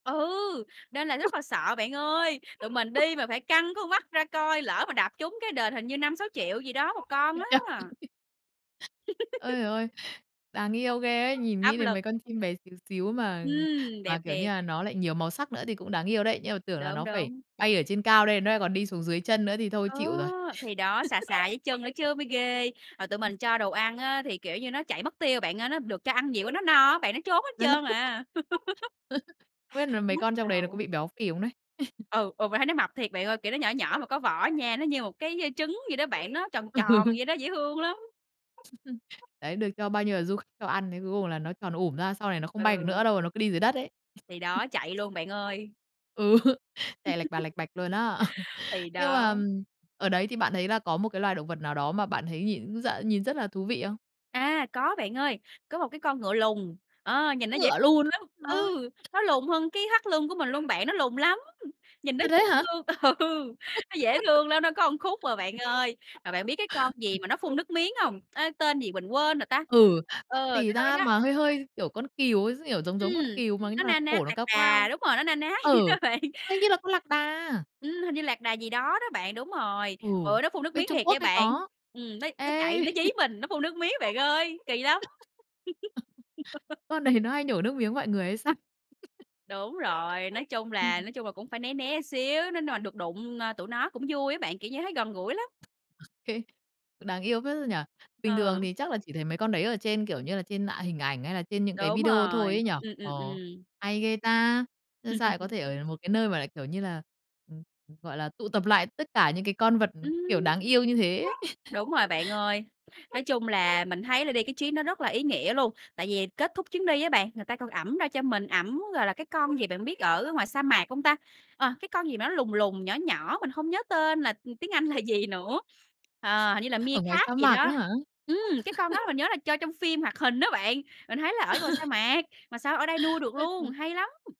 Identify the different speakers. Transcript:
Speaker 1: Ừ! Nên là rất là sợ bạn ơi, tụi mình đi mà phải căng con mắt ra coi, lỡ mà đạp trúng cái đền hình như 5.000.000-6.000.000 gì đó một con
Speaker 2: Ui cha
Speaker 1: á.
Speaker 2: ui! Ơi giời ơi, đáng yêu ghê ấy. Nhìn nghĩ
Speaker 1: Áp
Speaker 2: đến
Speaker 1: lực.
Speaker 2: mấy con chim bé xíu xíu mà
Speaker 1: Ừm,
Speaker 2: mà,
Speaker 1: đẹp
Speaker 2: kiểu như
Speaker 1: thiệt.
Speaker 2: nà, nó lại nhiều màu sắc nữa thì cũng đáng yêu đấy. Nhưng mà tưởng là
Speaker 1: Đúng,
Speaker 2: nó phải
Speaker 1: đúng.
Speaker 2: bay ở trên cao, đây nó nại còn đi xuống dưới chân nữa thì thôi
Speaker 1: Ờ,
Speaker 2: chịu rồi.
Speaker 1: thì đó, sà sà dưới chân nữa chứ mới ghê, hồi tụi
Speaker 2: [unintelligible]
Speaker 1: mình cho đồ ăn á thì, kiểu như, nó chạy mất tiêu bạn ơi, nó được cho ăn nhiều quá nó no á bạn, nó trốn hết trơn
Speaker 2: [unintelligible]
Speaker 1: à.
Speaker 2: Không biết nà mấy
Speaker 1: Nhức
Speaker 2: con trong đấy nó có
Speaker 1: đầu.
Speaker 2: bị béo phì không đấy?
Speaker 1: Ừ, ừ, mình thấy nó mập thiệt bạn ơi, kiểu, nó nhỏ nhỏ mà có võ nha, nó như một cái, ơ, trứng vậy đó bạn nó tròn tròn
Speaker 2: Ừ.
Speaker 1: vậy đó, dễ thương lắm.
Speaker 2: Đấy, được cho bao nhiêu là du kh cho ăn, thế cuối cùng là nó tròn ủm ra, sau này nó không bay được
Speaker 1: Ừ.
Speaker 2: nữa đâu, nó cứ đi dưới đất ấy.
Speaker 1: Thì đó, chạy luôn bạn ơi.
Speaker 2: Ừ tè lạch bà lạch bạch luôn á.
Speaker 1: Thì
Speaker 2: Nhưng mà,
Speaker 1: đó.
Speaker 2: ừm, ở đấy thì bạn thấy là có một cái loài động vật nào đó mà bạn thấy nhìn d nhìn rất là thú vị không?
Speaker 1: À, có bạn ơi, có một cái con ngựa lùn, ờ, nhìn nó dễ
Speaker 2: Ngựa lùn
Speaker 1: lắm.
Speaker 2: hả?
Speaker 1: Ừ, nó lùn hơn cái thắt lưng của mình luôn bạn, nó lùn lắm. Nhìn nó
Speaker 2: À, thế
Speaker 1: dễ
Speaker 2: hả?
Speaker 1: thương, ừ, nó dễ thương lắm, nó có khúc à bạn ơi. Mà bạn biết cái con gì
Speaker 2: [unintelligible]
Speaker 1: mà nó phun nước miếng hông? Á, tên gì mình quên rồi ta?
Speaker 2: Ừ, con
Speaker 1: Ờ,
Speaker 2: gì
Speaker 1: cái con
Speaker 2: ta?
Speaker 1: đó đó.
Speaker 2: Mà hơi hơi, kiểu, con cừu ấy d kiểu, giống giống con
Speaker 1: Ừm,
Speaker 2: cừu mà nhưng
Speaker 1: nó
Speaker 2: mà
Speaker 1: na ná
Speaker 2: cổ nó
Speaker 1: lạc
Speaker 2: cao
Speaker 1: đà,
Speaker 2: cao.
Speaker 1: đúng rồi, nó na ná vậy đó
Speaker 2: Ừ,
Speaker 1: bạn.
Speaker 2: hình như là con lạc đà.
Speaker 1: Ừm, hình như lạc đà gì đó đó bạn, đúng rồi.
Speaker 2: Ừ,
Speaker 1: Ừ, nó phun nước
Speaker 2: bên
Speaker 1: miếng
Speaker 2: Trung
Speaker 1: thiệt
Speaker 2: Quốc
Speaker 1: nha
Speaker 2: hay
Speaker 1: bạn,
Speaker 2: có.
Speaker 1: ừm, nó nó
Speaker 2: Ê.
Speaker 1: chạy, nó dí mình, nó phun nước miếng bạn ơi, kỳ lắm.
Speaker 2: Con đấy nó hay nhổ nước miếng mọi người hay sao?
Speaker 1: Đúng rồi, nói chung là
Speaker 2: Ừm.
Speaker 1: nói chung là cũng phải né né xíu, nên mà được đụng n tụi nó cũng vui á bạn, kiểu như, thấy gần gũi lắm.
Speaker 2: Hê, đáng yêu phết ra nhỉ? Bình thường
Speaker 1: Ờ.
Speaker 2: thì chắc là chỉ thấy mấy con đấy ở trên, kiểu như là, trên ả hình ảnh hay là trên những cái
Speaker 1: Đúng
Speaker 2: video thôi
Speaker 1: rồi.
Speaker 2: ấy nhỉ?
Speaker 1: Ừm, ừm,
Speaker 2: Ờ,
Speaker 1: ừm.
Speaker 2: hay ghê ta! Nhưng sao lại có thể ở được một cái nơi mà lại, kiểu như là, ừ, ừ, gọi là, tụ tập lại tất cả những cái con vật, ừu,
Speaker 1: Ừm.
Speaker 2: kiểu, đáng yêu như thế.
Speaker 1: Đúng rồi bạn ơi. Nói chung là mình thấy là đi cái chuyến đó rất là ý nghĩa luôn. Tại vì kết thúc chuyến đi á bạn, người ta còn ẳm ra cho mình ẳm, gọi là, cái con gì bạn biết ở ngoài sa mạc hông ta? Ờ, cái con gì mà nó lùn lùn, nhỏ nhỏ, mình không nhớ tên là tiếng Anh là gì nữa. Ờ, hình như là
Speaker 2: Ở ngoài
Speaker 1: meerkat
Speaker 2: sa
Speaker 1: gì
Speaker 2: mạc á
Speaker 1: đó.
Speaker 2: hả?
Speaker 1: Ừm, cái con đó mình nhớ là cho trong phim hoạt hình á bạn. Mình thấy là ở ngoài sa mạc, mà sao ở đây nuôi được
Speaker 2: Ôi
Speaker 1: luôn,
Speaker 2: trời.
Speaker 1: hay lắm!